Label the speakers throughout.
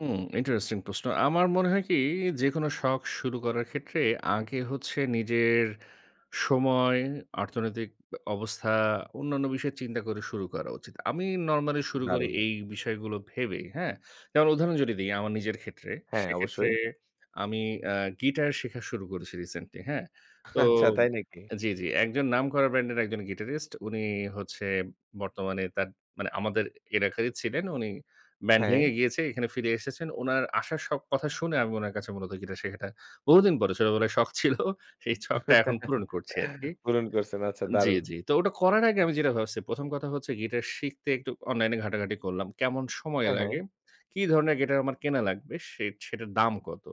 Speaker 1: হুম, interesting প্রশ্ন। আমার মনে হয় কী, যেকোনো শখ শুরু করার ক্ষেত্রে আগে হচ্ছে নিজের সময়, অর্থনৈতিক আ অবস্থা, অন্যান্য বিষয় চিন্তা করে শুরু করা উচিত। আমি নরমালি শুরু করি
Speaker 2: দারুণ।
Speaker 1: এই বিষয়গুলো ভেবেই। হ্যাঁ? তার উদাহরণ যদি দিই আমার নিজের ক্ষেত্রে,
Speaker 2: হ্যাঁ,
Speaker 1: সেক্ষেত্রে
Speaker 2: অবশ্যই।
Speaker 1: আমি অ্যা গিটার শেখা শুরু করেছি রিসেন্টলি। হ্যাঁ? তো
Speaker 2: আচ্ছা, তাই নাকি?
Speaker 1: জি, জি। একজন নাম করা ব্যান্ডের একজন গিটারিস্ট। উনি হচ্ছে বর্তমানে তার মানে আমাদের এলাকারই ছিলেন উনি ব্যান্ড
Speaker 2: হ্যাঁ।
Speaker 1: ভেঙে গিয়েছে এখানে ফিরে এসেছেন। উনার আসার কথা শুনে আমি উনার কাছে মূলত গিটার শেখাটা বহুদিন পরে ছোটবেলায় শখ ছিল, সেই ছকটা এখন পূরণ করছি আরকি।
Speaker 2: পূরণ করসেন আচ্ছা,
Speaker 1: আ জি,
Speaker 2: দারুণ
Speaker 1: জি। তো ওটা করার আগে
Speaker 2: হু।
Speaker 1: আমি যেটা ভাবসি, ১ম কথা হচ্ছে গিটার শিখতে একটু অনলাইনে ঘাটাঘাটি করলাম, কেমন সময়
Speaker 2: হ্যাঁ, হ্যাঁ।
Speaker 1: লাগে, কী ধরনের গিটার আমার কেনা লাগবে, সে সেটার দাম কত।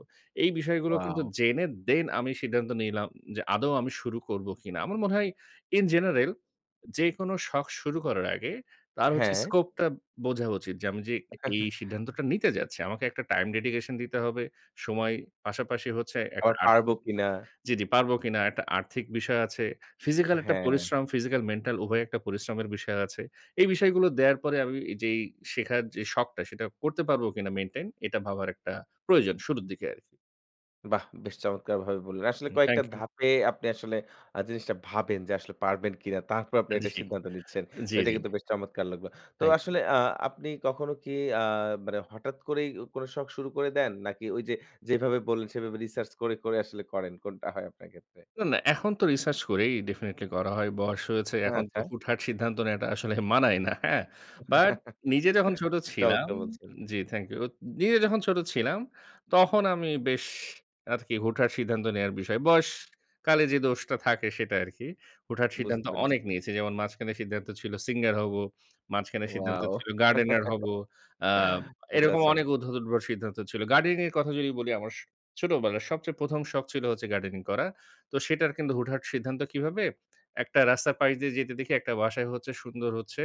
Speaker 1: এই বিষয়গুলো কিন্তু
Speaker 2: ওয়াও!
Speaker 1: জেনে then আমি সিদ্ধান্ত নিলাম যে আদৌ আমি শুরু করব কিনা। আমার মনে হয় in general যেকোনো শখ শুরু করার আগে তার হচ্ছে
Speaker 2: হ্যাঁ।
Speaker 1: স্কোপটা বোঝা উচিত যে আমি যে এই সিদ্ধান্তটা নিতে যাচ্ছি, আমাকে একটা টাইম ডেডিকেশন দিতে হবে, সময় পাশাপাশি হচ্ছে একটা
Speaker 2: আবার পারব
Speaker 1: আর্থিক
Speaker 2: কিনা?
Speaker 1: জি, জি, পারব কিনা, একটা আর্থিক বিষয় আছে। ফিজিক্যাল একটা
Speaker 2: হ্যাঁ।
Speaker 1: পরিশ্রম, ফিজিক্যাল-মেন্টাল উভয়ই একটা পরিশ্রমের বিষয় আছে। এই বিষয়গুলো দেয়ার পরে আমি যেই শেখার যে শখটা, সেটা করতে পারব কিনা মেইনটেইন, এটা ভাবার একটা প্রয়োজন শুরুর দিকে আরকি।
Speaker 2: বাহ! বেশ চমৎকারভাবে বললেন। আসলে
Speaker 1: হু থ্যাংক
Speaker 2: কয়েকটা
Speaker 1: ইউ।
Speaker 2: ধাপে আপনি আসলে আ জিনিসটা ভাবেন যে আসলে পারবেন কিনা তারপরে আপনি
Speaker 1: আ জি
Speaker 2: এটা সিদ্ধান্ত নিচ্ছেন তো
Speaker 1: জি,
Speaker 2: এটা
Speaker 1: জি।
Speaker 2: কিন্তু বেশ চমৎকার লাগল। তো
Speaker 1: থ্যাংক ইউ।
Speaker 2: আসলে আ আপনি কখনো কী আ মানে হঠাৎ করেই কোনো শখ শুরু করে দেন নাকি ওই যে যেভাবে বললেন, সেভাবে রিসার্চ করে, করে আসলে করেন? কোনটা হয় আপনার ক্ষেত্রে?
Speaker 1: না, না। এখন তো রিসার্চ করেই definitely করা হয় বয়স হয়েছে এখন তো
Speaker 2: আচ্ছা।
Speaker 1: হুটহাট সিদ্ধান্ত নেয়াটা আসলে মানায় না। হ্যাঁ? But নিজে যখন ছোট ছিলাম
Speaker 2: চমৎকার বলছেন।
Speaker 1: জি থ্যাংক ইউ নিজে যখন ছোট ছিলাম, তখন আমি বেশ আরকি হুটহাট সিদ্ধান্ত নেয়ার বিষয় বয়সকালে যে দোষটা থাকে সেটা আরকি। হুটহাট সিদ্ধান্ত
Speaker 2: বুঝতে
Speaker 1: অনেক
Speaker 2: পেরেছি।
Speaker 1: নিয়েছি যেমন, মাঝখানে সিদ্ধান্ত ছিল সিঙ্গার হব, মাঝখানে সিদ্ধান্ত
Speaker 2: ওয়াও!
Speaker 1: ছিল গার্ডেনার হব আ
Speaker 2: আচ্ছা,
Speaker 1: এরকম
Speaker 2: আচ্ছা।
Speaker 1: অনেক উদ্ভট, উদ্ভট সিদ্ধান্ত ছিল। গার্ডেনিং এর কথা যদি বলি, আমার স ছোটবেলার সবচেয়ে ১ম ছিল হচ্ছে গার্ডেনিং করা। তো সেটার কিন্তু হুটহাট সিদ্ধান্ত কীভাবে, একটা রাস্তার পাশ দিয়ে যেতে দেখি একটা বাসায় হচ্ছে সুন্দর হচ্ছে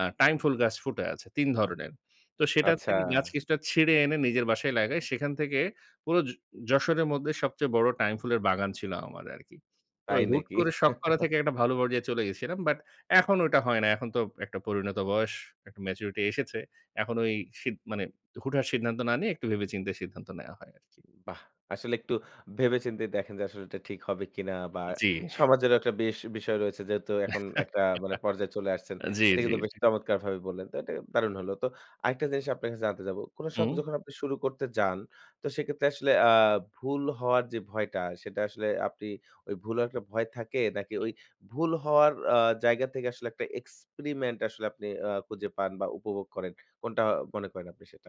Speaker 1: আ টাইম ফুল গাছ ফুটে আছে ৩ ধরনের। তো সেটার থেকে গাছ
Speaker 2: আচ্ছা।
Speaker 1: কিছুটা ছিঁড়ে এনে নিজের বাসায় লাগাই সেখান থেকে পুরো য যশোরের মধ্যে সবচেয়ে বড় টাইম ফুলের বাগান ছিল আমার আরকি। তো
Speaker 2: তাই
Speaker 1: হুট
Speaker 2: নাকি?
Speaker 1: করে শখ করা থেকে একটা ভালো পর্যায়ে চলে গেছিলাম। But এখন ওটা হয় না এখন তো একটা পরিণত বয়স, একটা ম্যাচুরিটি এসেছে। এখন ওই সিদ মানে হুটহাট সিদ্ধান্ত না নিয়ে একটু ভেবে-চিন্তে সিদ্ধান্ত নেয়া হয় আরকি।
Speaker 2: বাহ! আসলে একটু ভেবে-চিন্তেই দেখেন যে আসলে এটা ঠিক হবে কিনা বা
Speaker 1: জি।
Speaker 2: সমাজেরও একটা বেশ বিষয় রয়েছে, যেহেতু এখন একটা মানে পর্যায়ে চলে আসছেন
Speaker 1: জি,
Speaker 2: এটা
Speaker 1: জি,
Speaker 2: কিন্তু বেশ
Speaker 1: জি।
Speaker 2: চমৎকারভাবেই বললেন তো এটা দারুণ হলো তো আরেকটা জিনিস আপনার কাছে জানতে যাব। কোনো শখ
Speaker 1: হু।
Speaker 2: যখন আপনি শুরু করতে যান, তো সেক্ষেত্রে আসলে আ ভুল হওয়ার যে ভয়টা, সেটা আসলে আপনি ওই ভুলের একটা ভয় থাকে নাকি
Speaker 1: হু।
Speaker 2: ওই ভুল হওয়ার আ জায়গা থেকে আসলে একটা এক্সপেরিমেন্ট আসলে আপনি আ খুঁজে পান বা উপভোগ করেন? কোনটা মনে করেন আপনি সেটা?